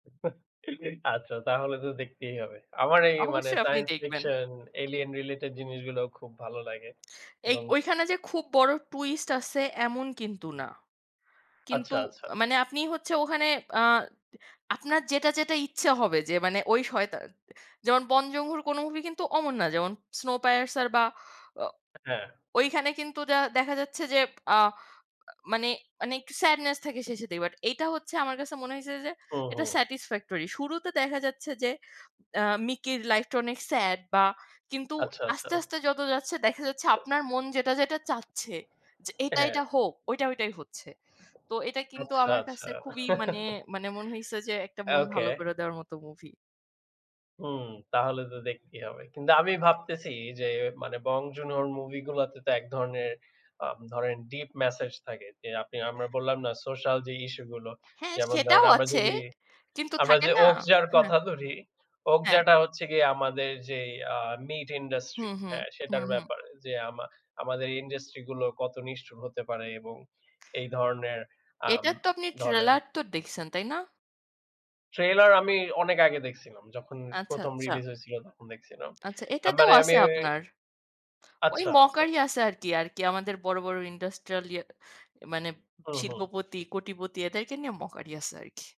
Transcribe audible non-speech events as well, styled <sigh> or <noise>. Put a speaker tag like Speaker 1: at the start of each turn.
Speaker 1: <chuckles> আচ্ছা। তাহলে তো দেখতেই হবে। আমার এই মানে
Speaker 2: অবশ্যই আপনি
Speaker 1: সাইন্স
Speaker 2: দেখবেন।
Speaker 1: ফিকশন, এলিয়ান রিলেটেড জিনিসগুলো খুব ভালো লাগে
Speaker 2: এই
Speaker 1: এবং
Speaker 2: গ
Speaker 1: সে
Speaker 2: ওইখানে যে খুব বড় টুইস্ট আছে এমন কিন্তু না। কিন্তু
Speaker 1: আচ্ছা, আচ্ছা।
Speaker 2: আ মানে আপনি হচ্ছে ওখানে, আ দ আপনার যেটা, যেটা ইচ্ছা হবে যে মানে ওই সয়তান যেমন Bong Joon-ho র কোন মুভি কিন্তু অমন না। যেমন স্নোপায়ারসার বা ও
Speaker 1: অ্যা হ্যাঁ।
Speaker 2: ওইখানে কিন্তু যা দেখা যাচ্ছে যে, আ আ মানে, মানে একটু sadness থাকে শেষের দিকে। বাট এইটা হচ্ছে আমার কাছে মনে হইছে যে এটা
Speaker 1: ওহো।
Speaker 2: satisfactory শুরুতে দেখা যাচ্ছে যে, আ মিকির লাইফটা অনেক স্যাড বা কিন্তু
Speaker 1: আচ্ছা, আচ্ছা।
Speaker 2: আস্তে, আস্তে যত যাচ্ছে দেখা যাচ্ছে আপনার মন যেটা, যেটা চাচ্ছে। যে এইটা,
Speaker 1: হ্যাঁ।
Speaker 2: এইটা হোক ওইটা, ওইটাই হচ্ছে। তো এটা কিন্তু
Speaker 1: আচ্ছা,
Speaker 2: আমার
Speaker 1: আচ্ছা।
Speaker 2: কাছে খুবই মানে, মানে মনে হইছে যে একটা মন
Speaker 1: ওকে।
Speaker 2: ভালো করে দেওয়ার মতো মুভি।
Speaker 1: হুম, তাহলে তো দেখতেই হবে। কিন্তু আমি
Speaker 2: হ্যাঁ।
Speaker 1: ভাবতেছি যে মানে Bong Joon-ho র মুভি গুলাতে তো এক ধরনের, আ ধরেন ডিপ ম্যাসেজ থাকে। যে আপনি আমরা বললাম না সোশ্যাল যে ইস্যু গুলো।
Speaker 2: হ্যাঁ,
Speaker 1: যেমন ধরেন,
Speaker 2: সেটাও
Speaker 1: আমরা
Speaker 2: আছে
Speaker 1: যদি,
Speaker 2: কিন্তু
Speaker 1: আমরা
Speaker 2: থাকে
Speaker 1: যে
Speaker 2: না
Speaker 1: 'ওকজার'
Speaker 2: হ্যাঁ।
Speaker 1: কথা ধরি।
Speaker 2: হ্যাঁ।
Speaker 1: 'ওকজার' টা হচ্ছে গিয়ে আমাদের যেই আ মিট ইন্ডাস্ট্রি,
Speaker 2: হুম, হুম,
Speaker 1: হ্যাঁ,
Speaker 2: হুম,
Speaker 1: সেটার
Speaker 2: হুম।
Speaker 1: ব্যাপারে। যে আমা আমাদের ইন্ডাস্ট্রিগুলো কত নিষ্ঠুর হতে পারে এবং এই ধরনের, আম
Speaker 2: এটার তো আপনি
Speaker 1: ধরেন
Speaker 2: ট্রেলার তো দেখছেন, তাই না?
Speaker 1: ট্রেইলার আমি অনেক আগে দেখছিলাম। যখন
Speaker 2: আচ্ছা,
Speaker 1: ১ম,
Speaker 2: আচ্ছা।
Speaker 1: রিলিজ হয়েছিল তখন দেখছিলাম।
Speaker 2: আচ্ছা, এটাতেও
Speaker 1: আম্বারে আমি
Speaker 2: আছে
Speaker 1: ওই
Speaker 2: আপনার। ওই
Speaker 1: আচ্ছা, আচ্ছা।
Speaker 2: মকারি আছে আর কি, আর কি আমাদের বড়, বড় ইন্ডস্ট্রিয়াল ইয়া, মানে
Speaker 1: হুম, হুম।
Speaker 2: শিল্পপতি, কোটিপতি এদেরকে নিয়ে মকারি আছে আর কি।